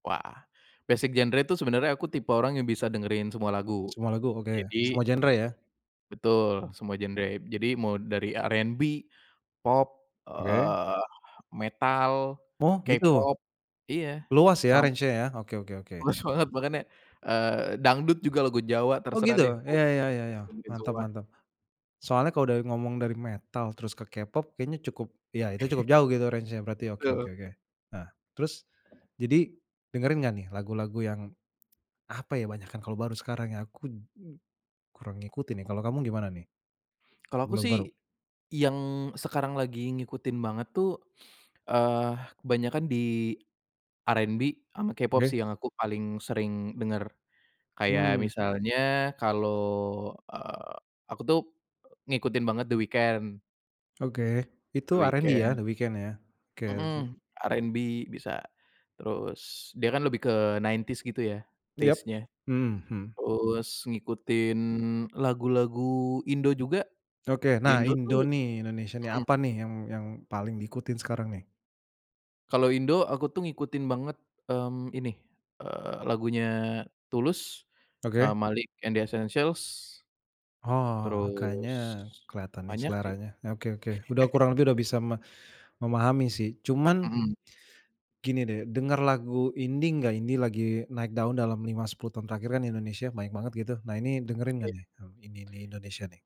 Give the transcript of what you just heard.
Wah, basic genre itu sebenarnya aku tipe orang yang bisa dengarin semua lagu, Semua lagu oke, jadi semua genre, ya. Betul, Iya. semua genre, jadi mau dari R&B, pop, Oke. eee, metal, Oh, gitu. K-pop, iya Luas, ya, sam range-nya, ya, oke oke oke. Luas banget makanya, eee, dangdut juga, lagu Jawa, Oh terserah gitu? deh, aku Iya iya iya iya, dengarin mantap semua. mantap. Soalnya kalau udah ngomong dari metal terus ke K-pop kayaknya cukup iya, itu cukup jauh, gitu, range-nya berarti, oke Betul. oke oke. Nah, terus jadi dengarin nggak, nih, lagu-lagu yang apa, ya, banyakan kalau baru sekarang, ya, aku n kurang ngikutin, nih, kalau kamu gimana, nih, Kalau gu aku, lagu sih, baru? yang sekarang lagi ngikutin banget, tuh, eee, kebanyakan di R&B, ama K-pop, sih, Oke. yang aku paling sering dengar, kayak Mmm. misalnya kalau, eee, aku tuh, ngikutin banget The Weeknd. Oke, itu The R&B, ya Weeknd. The Weeknd, ya, oke, lanjut. Mmm, R&B bisa, terus dia kan lebih ke 90s gitu, ya, Yap, taste-nya mmm, mhm. terus ngikutin lagu-lagu Indo juga, Oke. ya, Nah, Indo tuh Indo, nih, Indonesia, nih, mmm. apa, nih, yang yang paling diikutin sekarang, nih? Kalau Indo aku tuh, ngikutin banget, mmm, ini, eee, lagunya Tulus, Oke. eee, Maliq& D'essentials. Oh kayaknya, Terus, keliatan, nih, banyak sih. seleranya, oke oke. Udah kurang lebih udah bisa me memahami sih. Cuman Mmm. gini, deh, dengar lagu indie nggak? Indie lagi naik daun dalam 5 10 tahun terakhir, kan Indonesia banyak banget, gitu, Nah, ini dengerin nggak, Iya. nih, hmm, indie-indie Indonesia, nih?